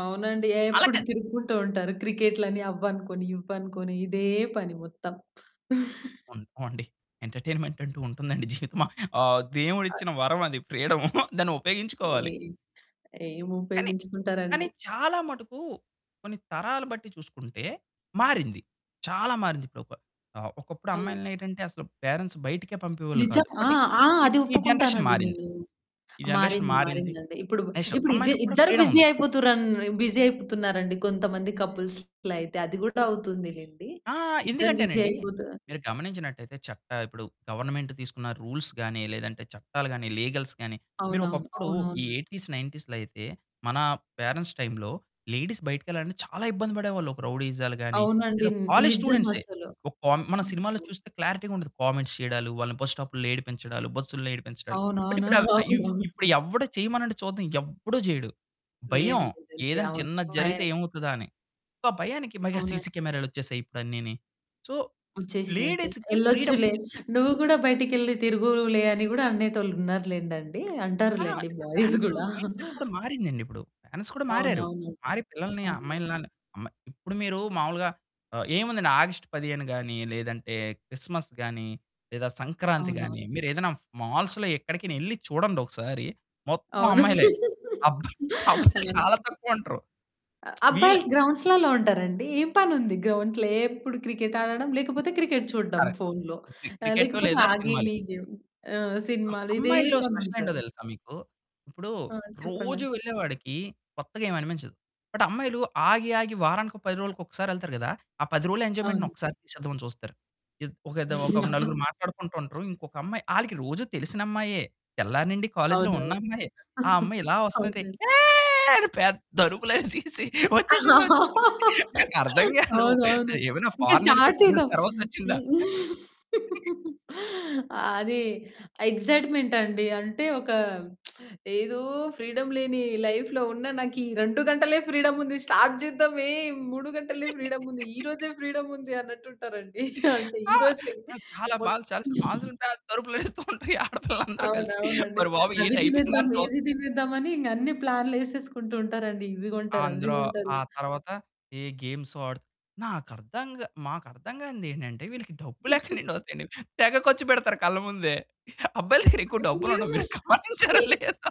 అవునండి. అలా ఏప్పుడు కాదు. తిరుక్కుంటూ ఉంటారు. క్రికెట్‌లని అవ్వనుకోని, ఇవ్వినుకోని ఇదే పని మొత్తం. ఉంటమండి. ఎంటర్‌టైన్‌మెంటంటూ ఉంటుందండి జీవితమ ఆ ఆ! దేవుడిచ్చిన వరమది ఫ్రీడము. దాన్ని ఉపయోగించుకోవాలి. ఏ కానీ కానీ ఏముపయోగించుకుంటారండి? చాలా మటుకు కొన్ని తరాల బట్టి చూసుకుంటే మారింది. చాలా మారింది. ఇప్పుడొక ఆహ్, ఒకప్పుడు అవును. అమ్మాయిలనేంటంటే అసలు పేరెంట్స్ బయటికే పంపేవాళ్ళు నిజం. కాదు. ఆ! బట్టి ఆ! ఇప్ అది ఈ జనరేషన్ ఒప్పుకుంటానండి మారింది. నేను. ఈ జనరేషన్ మారింది, మారింది. మారిందండి. ఇప్పుడు నెక్స్టు, ఇప్పుడు ఇదే అమ్మాయికి కూడా ఇద్దరు బిజీ ఫ్రీడముంది. అయిపోతురన్ బిజీ అయిపోతున్నారండి కొంతమంది కపుల్స్‌ లైతే. అది గూడా అవుతుంది‌లేండి. ఆ! ఇద్దరు బిజీ ఎందుకంటేనండి అయిపోతా మీరు గమనించినట్టయితే చట్ట ఇప్పుడు గవర్నమెంట్ తీసుకున్న రూల్స్‌ గాని, లేదంటే చట్టాలు గాని, లీగల్స్ గాని, అవునవును, మీరొకప్పుడు ఈ అవునవునండి. 80స్, 90స్‌లో అయితే మన పేరెంట్స్ టైంలో లేడీస్ బయటికెళ్ళాలంటే చాలా ఇబ్బంది పడేవాళ్ళు. ఒక రౌడీయిజాలు గాని, అవునండి. లేదా ని కాలేజ్ స్టూడెంట్సే. నిజమసలు. ఒక్కోం మనం సినిమాలో ఓహో! చూస్తే క్లారిటీ‌గా ఉంటది. కామెంట్స్ చేయడాలు, వాళ్ళని బస్‌స్టాపుల్లో ఏడిపించడాలు, బస్సుల్లో ఏడిపించడాలు. బట్ అవునవును. ఇప్పుడ ఆ! ఇవ్ ఇప్పుడు అవునవును. ఎవ్వడు చేయమనండీ చూద్దాం. ఎవ్వడు చేయడు. భయం. లేదు. లేదండి. ఏదన్నా అవును. చిన్నది జరిగితే 5 ఏమవుతదా అని. సొ ఆ భయానికి మైగా అవునండ్ సీసీ కెమెరాలొచ్చేసాయి ఇప్పుడు అన్నీని. సో, వచ్చేసినియి. వచ్చేసి లేడీస్‌కి ఫ్రీడమ్ ఎళ్ళొచ్చులే. ఒచ్చేసింది. నువ్వు గూడా బయటికెళ్లి తిరుగువులే అని కూడా అనేటోళ్ళు ఉన్నారు‌లెండండి. ఆ! అంటారు‌లెండి బాయ్స్ మెన్సు గూడా. మైండ్‌సెట్ కూడా మారిందండిప్పుడు. మెన్స్ కూడా మారారు. అవునవునండీ. మారి పిల్లలని, అవును. అమ్మాయిలని ఆళ్ళని అమ్మ ఇప్పుడు మీరు మామూలుగా ఆహ్, ఏముందండి ఆగష్టు పదిహేనుగాని, లేదంటే క్రిస్మస్‌ గాని, లేదా అవునవును. సంక్రాంతిగాని మీరు ఏదన్నా మాల్సులో ఎక్కడికైనా ఎళ్లి చూడండొకసారి మొత్తం అవును. అమ్మాయిలే. అబ్బ అబ్బాయిలు అవునా? చాలా తక్కువుంటరు. అ వీళ్ళే అబ్బాయిలు గ్రౌండ్సులల్లో ఉంటారండి. ఏం పనుంది గ్రౌండ్స్‌లో? ఏప్పుడు క్రికెట్ ఆడడం లేకపోతే క్రికెట్ చూడ్డం కరెక్ట్. ఫోన్‌‌లో. క్రి ఆహ్, క్రికెటు లేకపోతే లేదా ఆ గేమ్, సినిమాలు. ఈ గేమ్. ఆహ్, అ సినిమాలు ఇదే అమ్మాయిల్లో స్పెషల్ ఏంటో పనుంటది. తెలుసా మీకు! ఇప్పుడు ఆ! చెప్పండి. రోజు వెళ్ళేవాడికి కొత్తగా ఏమనిపించదు. బట్ అమ్మాయిలు ఆగి, ఆగి వారానికో, 10 రోలుకో ఒక్కసారెళ్తారు గదా! ఆ 10 రోజుల ఎంజాయ్‌మెంట్‌ని అవును. ఒక్కసారి ఇచ్చేద్దామని చూస్తారు. ఇద్ ఒకిదొక నలుగురు మాట్లాడుకుంటూ ఉంటరు. ఇంకొక అమ్మాయి ఆళ్ళకి రోజు తెలిసినమ్మాయే. తెల్లారి నుండి కాలేజ్‌లో ఉన్న అవునవును. అమ్మాయే. ఆ అమ్మాయి ఇలా వస్తుంటే అవునండీ. ఏ అని పేద్దరుపులు అరిసేసి వచ్చేసింది, వచ్చేసింది. నాకర్థం కాదు, అవునవును. ఏమైనా ఇంకా ఫారిన్ ఎళ్ళిపోయి స్టార్ట్ 2 ఇయర్స్ చేద్దాం. తర్వాతొచ్చిందా? హ్మ్. అది ఎగ్సైట్‌మెంటండి. అంటే ఒక ఏదో ఫ్రీడమ్ లేని లైఫ్‌లో ఉన్న నాకీ 2 గంటలే ఫ్రీడమ్ ఉంది. స్టార్ట్ చేద్దామే 3 గంటలే ఫ్రీడముంది. ఈ రోజే ఫ్రీడముందన్నట్టుంటారండి. ఆ! ఈ రోజే ఆహ్, చాలా మొ మాల్స్ చాలా, చాల మాల్సుంటాయి. పేద్ద అరుపులరుస్తూ ఉంటారు. ఈ ఆడపిల్లలందరూ కలిసి. అవునవునండి. ఓరి బాబు అవి ఏంటి అయిపోయిందా తినేద్దాం, అని ఇవి చూస్తే. తినేద్దామని ఇంగ అన్ని ప్లాన్లేసేసుకుంటూ ఉంటారండి. ఇవి ఆ! గొంటారు, అవి అందులో గొంటారు. ఆ తర్వాత ఏ గేమ్సో ఆడు నాకర్థం మాకర్థం కానిదేంటంటే వీళ్ళకి డబ్బులు ఎక్కడి నుండి వస్తాయండి? తెగ ఖర్చు పెడతారు కళ్ళ ముందే. అబ్బాయిల దగ్గర ఎక్కువ డబ్బులు అయ్యో! ఉండవు మీరు గమనించారో ఏ లేదో.